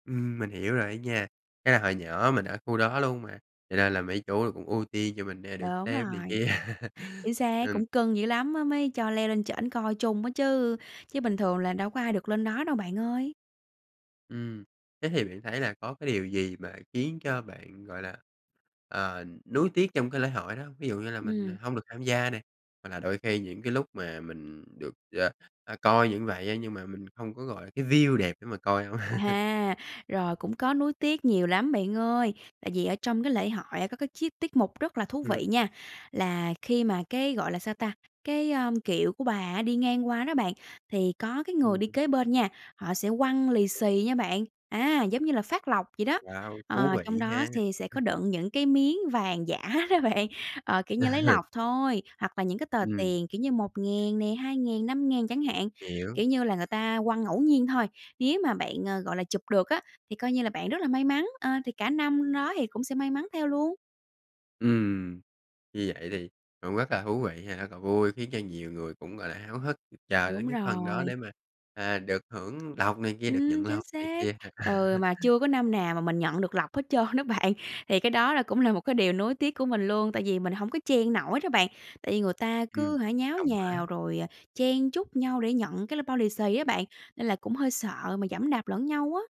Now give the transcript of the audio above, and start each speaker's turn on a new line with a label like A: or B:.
A: Ừm, mình hiểu rồi á nha. Chắc là hồi nhỏ mình ở khu đó luôn mà, cho nên là mấy chú là cũng ưu tiên cho mình, à, được
B: Đúng
A: xem này
B: rồi,
A: kia.
B: chính xác,
A: Ừm.
B: cũng cưng dữ lắm á, mới cho leo lên trển coi chung á chứ, chứ bình thường là đâu có ai được lên đó đâu bạn ơi.
A: Ừm, thế thì bạn thấy là có cái điều gì mà khiến cho bạn, gọi là, ờ, nuối tiếc trong cái lễ hội đó hông? Ví dụ như là mình, à,
B: Ừm.
A: hông được tham gia nè, hoặc là đôi khi những cái lúc mà mình được, ờ, ờ, coi như vậy á, nhưng mà mình không có, gọi là, cái view đẹp để mà coi hông?
B: À, rồi cũng có nuối tiếc nhiều lắm bạn ơi. Tại vì ở trong cái lễ hội có cái chiết tiết mục rất là thú
A: Ừm.
B: vị nha. Là khi mà cái, gọi là sao ta, cái, ơ, kiệu của bà á đi ngang qua đó bạn, thì có cái người đi
A: Ừm.
B: kế bên nha, họ sẽ quăng lì
A: [unintelligible]
B: xì nha bạn. Á, giống như là phát lộc vậy đó.
A: Wow, thú
B: Ờ, trong
A: vị
B: đó
A: ha.
B: thì sẽ có đựng những cái miếng vàng giả đó bạn, ờ, kiểu như lấy lộc thôi, hoặc là những cái tờ
A: Ừm.
B: tiền, kiểu như, 1.000 nè, 2.000, 5.000 chẳng hạn.
A: Hiểu.
B: Kiểu như là người ta quăng ngẫu nhiên thôi, nếu mà bạn, ờ, gọi là, chụp được á, thì coi như là bạn rất là may mắn. Ờ, thì cả năm đó thì cũng sẽ may mắn theo luôn.
A: Ừm, như vậy thì cũng rất là thú vị ha. Cò vui khiến cho nhiều người cũng, gọi là, háo hức chờ
B: Đúng
A: đến cái phần đó
B: rồi.
A: để mà, à, được hưởng lộc này kia, được
B: Ừm,
A: nhận
B: chính
A: lộc này
B: xác.
A: kia.
B: Ừ, mà chưa có năm nào mà mình nhận được lộc hết trơn đó bạn. Thì cái đó là cũng là một cái điều nuối tiếc của mình luôn, tại vì mình hổng có chen nổi đó bạn. Tại vì người ta
A: Ừm,
B: cứ hả, nháo
A: đông quá.
B: nhào rồi, à, chen chúc nhau để nhận cái l bao lì xì á bạn, nên là cũng hơi sợ mà giẫm đạp lẫn nhau á.